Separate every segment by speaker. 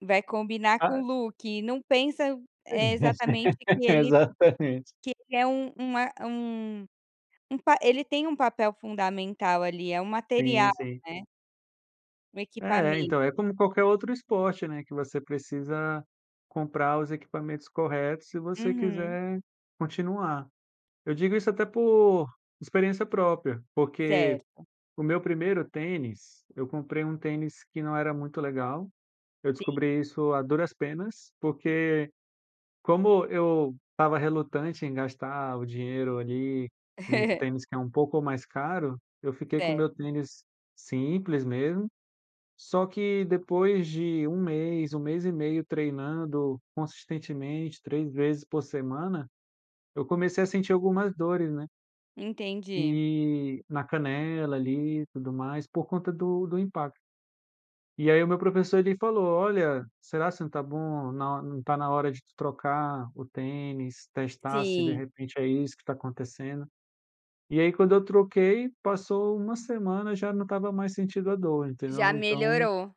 Speaker 1: Vai combinar com o
Speaker 2: Ah.
Speaker 1: look. Não pensa, eh, exatamente que ele
Speaker 2: Exatamente.
Speaker 1: que ele é um um é um um pa ele tem um papel fundamental, ali, é um
Speaker 2: Sim,
Speaker 1: material,
Speaker 2: sim.
Speaker 1: né? O
Speaker 2: É,
Speaker 1: equipamento.
Speaker 2: então, é como qualquer outro esporte, né, que você precisa comprar os equipamentos corretos se você
Speaker 1: Uhum.
Speaker 2: quiser continuar. Eu digo isso até por experiência própria, porque
Speaker 1: Certo.
Speaker 2: o meu primeiro tênis, eu comprei um tênis que não era muito legal. Eu
Speaker 1: Sim.
Speaker 2: descobri isso a duras penas, porque como eu estava relutante em gastar o dinheiro ali, num tênis que é um pouco mais caro, eu fiquei com o meu
Speaker 1: Certo.
Speaker 2: tênis simples mesmo, só que depois de 1 mês, 1 mês e meio treinando consistentemente, 3 vezes por semana, eu comecei a sentir algumas dores, né?
Speaker 1: Entendi.
Speaker 2: E na canela ali, e tudo mais, por conta do do impacto. E aí, o meu professor, ele falou: "Olha, será se não tá bom? na ho não tá na hora de trocar o tênis, testar se de
Speaker 1: Sim.
Speaker 2: repente é isso que tá acontecendo?" E aí, quando eu troquei, passou 1 semana, já não estava mais sentindo a dor,
Speaker 1: Já
Speaker 2: entendeu? Então
Speaker 1: melhorou.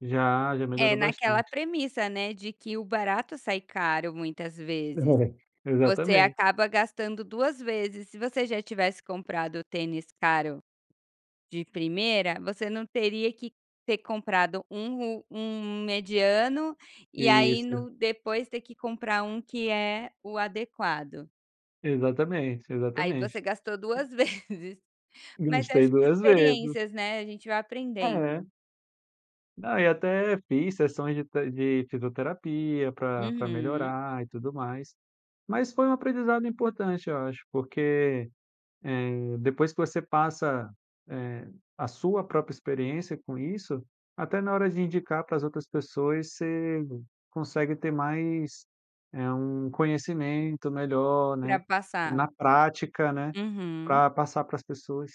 Speaker 2: Já, já
Speaker 1: É,
Speaker 2: melhorou
Speaker 1: naquela
Speaker 2: bastante.
Speaker 1: premissa, né, de que o barato sai caro, muitas vezes.
Speaker 2: [unintelligible]
Speaker 1: Você
Speaker 2: Exatamente.
Speaker 1: acaba gastando 2 vezes. Se você já tivesse comprado tênis caro de primeira, você não teria que ter comprado um um mediano e aí,
Speaker 2: Isso.
Speaker 1: no depois ter que comprar um que é o adequado.
Speaker 2: Exatamente,
Speaker 1: Aí,
Speaker 2: exatamente.
Speaker 1: você gastou 2 vezes. Mas acho
Speaker 2: Gastei
Speaker 1: que
Speaker 2: 2 vezes.
Speaker 1: experiências, né? A gente vai
Speaker 2: É.
Speaker 1: aprendendo.
Speaker 2: Não, eu até fiz sessões de te de fisioterapia, pra pra
Speaker 1: Uhum.
Speaker 2: melhorar e tudo mais. Mas foi um aprendizado importante, eu acho, porque, eh, depois que você passa, eh, a sua própria experiência com isso, até na hora de indicar para as outras pessoas você consegue ter mais, eh, um conhecimento melhor,
Speaker 1: Pra
Speaker 2: né?
Speaker 1: passar.
Speaker 2: Na prática, né,
Speaker 1: Uhum.
Speaker 2: pra passar para as pessoas.